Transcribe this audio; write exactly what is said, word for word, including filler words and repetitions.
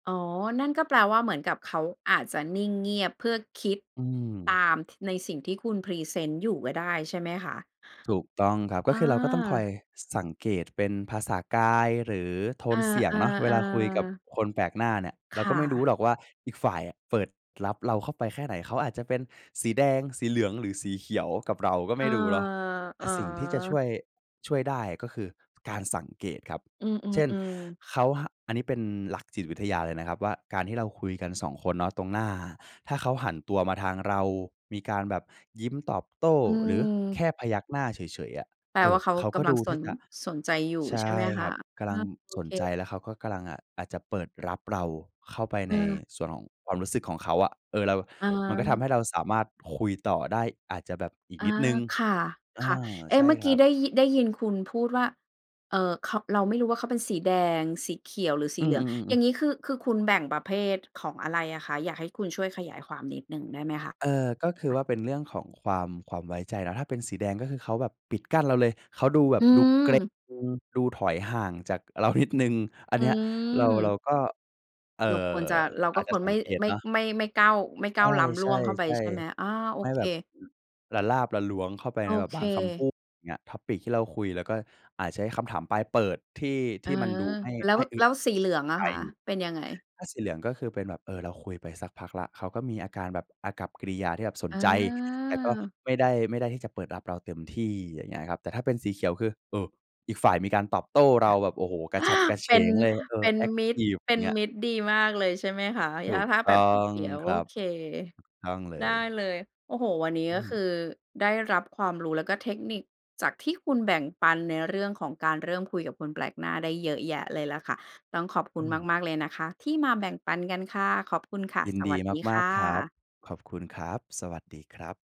อ๋อ นั่นก็แปลว่าเหมือนกับเขาอาจจะนิ่งเงียบเพื่อคิดอืตม าม ท ในสิ่งที่คุณพรีเซนต์อยู่ก็ได้ ใช่ไหมคะ? ถูกต้องครับ ก็อคือเราก็ต้องคอา ยสังเกตเป็นภาษากาย หรือโทเอนเสียงเนาะ เวอ ลาคุยกับๆ ๆ คนแปลกหน้าเนี่ย เรคาก่็ไม่รู้ะ หรอกว่าอีกฝ่ายอะเปิดรับเราเข้าไปแค่ไหน เขาอาจจะเป็นสีแดง สีเหลือง หรือสีเขียวกับเราก็ไเอม่อ รู้เนาะ แตอ๋่สิ่งที่จะชอ ่วย ช่วยได้ ก็คือการสังเกตครับ อืเช่น อ ๆ ๆ เขา ฮ อันนี้เป็นหลักจิตวิทยาเลยนะครับว่า การที่เราคุยกัน สอง คนเนาะ ตรงหน้า ถ้าเขาหันตัวมาทางเรา มีการแบบยิ้มตอบโต้ อืหรือม แค่พยักหน้าเฉย ๆ อะ แปลเอวอ ่าเขาเขากก็ำลดังูสที่น จะ สนใจอยู่ ใชใช่่ไหมคคระ? ับ กะอลัา ง โอสนเค ใจ แล้วเขาก็กะลัง อ่า อาจจะเปิดรับเรา เข้าไปในเออ ส่วนของความรู้สึกของเขาอะ เออ เรา อมันก็ทำา ให้เราสามารถคุยต่อได้ อาจจะแบบอีกอา นิดหนึ่ง ค่อะ า ๆ เอ๊ใชะ ่เมื่อคกรี้ับ ได้ยิ ได้ยินคุณพูดว่า เอ่อ เขา เราไม่รู้ว่า เขาเป็นสีแดง สีเขียว หรือสอีืเหลือง อ อๆ ยๆ ่าๆ งงี้คือ คือคุณแบ่งประเภทของอะไรอะคะ อยากให้คุณช่วยขยายความนิดหนึ่งได้ไหมคะ? เออ ก็คือว่าเป็นเรื่องของความ ความไว้ใจนะ ถ้าเป็นสีแดงก็คือเขาแบบปิดกั้นเราเลย เขาดูแบอืบดูเกร็ง ม ดูถอยห่างจากเรานิดหนึ่ง อันอนี้เรา เราืม ก็ เอ่อ เราควรจะ เราอก็าจจคะวรสัไมง่ เกตไม่ เนาะ ไม่ ไม่ก้าว ไม่ก้าวล้ำใลช่วงเข้าไป่ ใช่ไหม? ๆ อา โๆ อไม่เค แบบ ละลาบละล้วงเข้าไปโอในแบบเบางคำพูค ด อย่างเงี้ย Topic ที่เราคุย แล้วก็อาจใช้คำถามปลายเปิด ที่ เทออ ี่มันดูไม่ แล้ไว ม่อึแลด้วสีเหลืองอใะจ คะ เป็นยังไง? ถ้าสีเหลืองก็คือเป็นแบบ เออ เราคุยไปสักพักแล้วเขาก็มีอาการแบบ อากัปกิริยาที่แบบสนอใจ แต่ก็า ไม่ได้ ไม่ได้ที่จะเปิดรับเราเต็มที่ อย่างเงี้ยครับ แต่ถ้าเป็นสีเขียวคือ เออ อีกฝ่ายมีการตอบโต้เรา แบบ โอ้โฮ กระฉับกระเเฉป็น งเลย เอเอ ป็นแอ็กมิทตร ิฟ เปอ็ย่นางเงี้ย มิตรดีมากเลย ใช่ไหมคะ? ถถู้า กถ้าตแบ้อบสีเงขียว คโอรับ เค ต้องเลได้ย เลย โอ้โฮ วันนี้อืก็คม ือได้รับความรู้ แล้วก็เทคนิคจากที่คุณแบ่งปันในเรื่องของการเริ่มคุยกับคนแปลกหน้าได้เยอะแยะเลยล่ะค่ะ ต้องขอบคอุืณม มาก ๆ เลยนะคะ ที่มาแบ่งปันกันค่ะ ขอบคุณค่ะ ยินสดวีัสดีมคาก ่ๆ ครับ ะ ขอบคุณครับ สวัสดีครับ